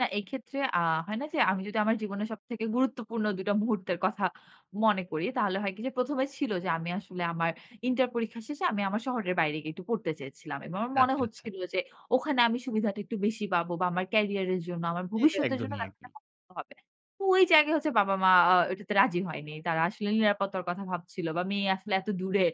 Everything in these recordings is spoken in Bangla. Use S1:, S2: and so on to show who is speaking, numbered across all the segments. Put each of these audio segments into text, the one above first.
S1: না, এই ক্ষেত্রে আ হয় না যে আমি যদি আমার জীবনে সবথেকে গুরুত্বপূর্ণ ২ টা মুহূর্তের কথা মনে করি, তাহলে হয় কি যে ১ম এ ছিল যে আমি আসলে আমার ইন্টার পরীক্ষা শেষে আমি আমার শহরের বাইরে গিয়ে একটু পড়তে চেয়েছিলাম এবং আমার মনে
S2: আচ্ছা, আচ্ছা।
S1: হচ্ছিল যে ওখানে আমি সুবিধাটি একটু বেশি পাবো বা আমার কেরিয়ার এর জন্য, আমার
S2: এটা
S1: ভবিষ্যতের জন্য
S2: একদমই একদম।
S1: [unintelligible] হবে। ওই জায়গায় হচ্ছে বাবা-মা এটাতে রাজি হয়নি। তারা আসলে নিরাপত্তার কথা ভাবছিল বা মেয়ে আসলে এত দূরে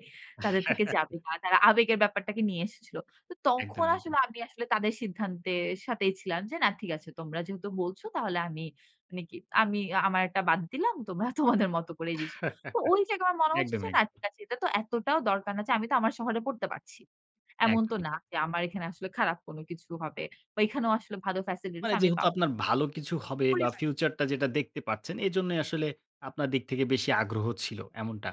S1: তাদের থেকে যাবে। তারা আবেগের ব্যাপারটাকে নিয়ে এসেছিল। তো
S2: একদম,
S1: তখন
S2: একদম।
S1: আসলে আমি আসলে তাদের সিদ্ধান্তের সাথেই ছিলাম যে না ঠিক আছে তোমরা যেহেতু বলছ তাহলে আমি মানে কি আমি আ আমার একটা বাদ দিলাম। তোমরা তোমাদের মত করেই জিস তো ওই জায়গায় আমার মনে হচ্ছে যে
S2: একদমই,
S1: না ঠিক
S2: একদম।
S1: আছে এটা তো এতটাও দরকার না যে আমি তো আমার শহরে পড়তে পারছি। এমন তো
S2: একদমই
S1: না
S2: ঠিক।
S1: যে আমার এখানে আসলে খারাপ কোন কিছু হবে। বা এইখানেও আসলে ভালো facilities
S2: মানে
S1: আমি
S2: যেহেতু
S1: পাব।
S2: আপনার ভালো কিছু হবে বা
S1: পরিবার।
S2: ফিউচারটা যেটা দেখতে পাচ্ছেন এজন্যই আসলে আপনার দিক থেকে বেশি আগ্রহ ছিল। এমনটা?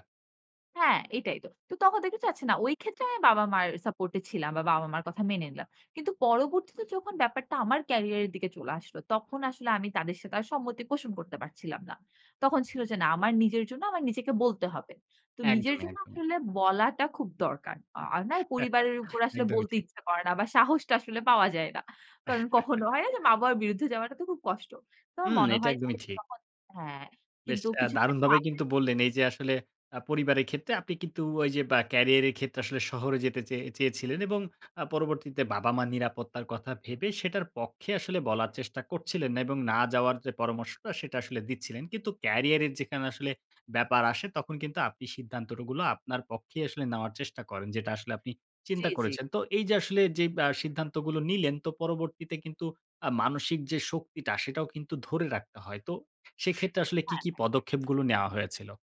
S1: হ্যাঁ, এইটাই তো। তো তখন দেখি যে আচ্ছা না। ওই ক্ষেত্রে আমি বাবা-মার সাপোর্ট এ ছিলাম বা বা-বাবা মার কথা মেনে নিলাম। কিন্তু পরবর্তীতে যখন ব্যাপারটা আমার কেরিয়ার এর দিকে চলে আসলো তখন আসলে আমি তাদের সাথে আর সম্মতি পোষণ করতে পারছিলাম না। তখন ছিল যে না আমার নিজের জন্য আমার নিজেকে বলতে হবে। তো নিজের
S2: একদমই,
S1: জন্য
S2: একদমই।
S1: আসলে বলাটা খুব দরকার। আর না পরিবারের উপর আসলে
S2: একদমই
S1: বলতে
S2: ঠিক।
S1: ইচ্ছা করে না। বা সাহসটা আসলে পাওয়া যায় না। কারণ কখনো হয় না যে মা-বাবার বিরুদ্ধে যাওয়াটা তো খুব কষ্ট। তো আমার
S2: হুম,
S1: মনে
S2: এটা
S1: হয় যে
S2: একদমই ঠিক।
S1: [unintelligible] হ্যাঁ,
S2: বেশ
S1: কিন্তু
S2: আ
S1: কিছু। [unintelligible]
S2: দারুণভাবেই কিন্তু বললেন এই যে আসলে আ পরিবারের ক্ষেত্রে আপনি কিন্তু ওই যে বা ক্যারিয়ারের ক্ষেত্রে আসলে শহরে যেতে চে চেয়ে চেয়েছিলেন এবং আ পরবর্তীতে বাবা-মা নিরাপত্তার কথা ভেবে সেটার পক্ষে আসলে বলার চেষ্টা করছিলেন না এবং না যাওয়ার যে পরামর্শটা সেটা আসলে দিচ্ছিলেন। কিন্তু ক্যারিয়ারের যেখানে আসলে ব্যাপার আসে তখন কিন্তু আপনি সিদ্ধান্ত রো গুলো আপনার পক্ষেই আসলে নেওয়ার চেষ্টা করেন। যেটা আসলে আপনি
S1: জ্বি,
S2: চিন্তা
S1: জ্বি।
S2: করেছেন। তো এই যে আসলে যে আ সিদ্ধান্তগুলো নিলেন তো পরবর্তীতে কিন্তু আ মানসিক যে শক্তিটা সেটাও কিন্তু ধরে রাখতে হয়। তো সেক্ষেত্রে আসলে কী,
S1: হায়
S2: কী
S1: হ্যাঁ।
S2: পদক্ষেপগুলো নেওয়া হয়েছিল?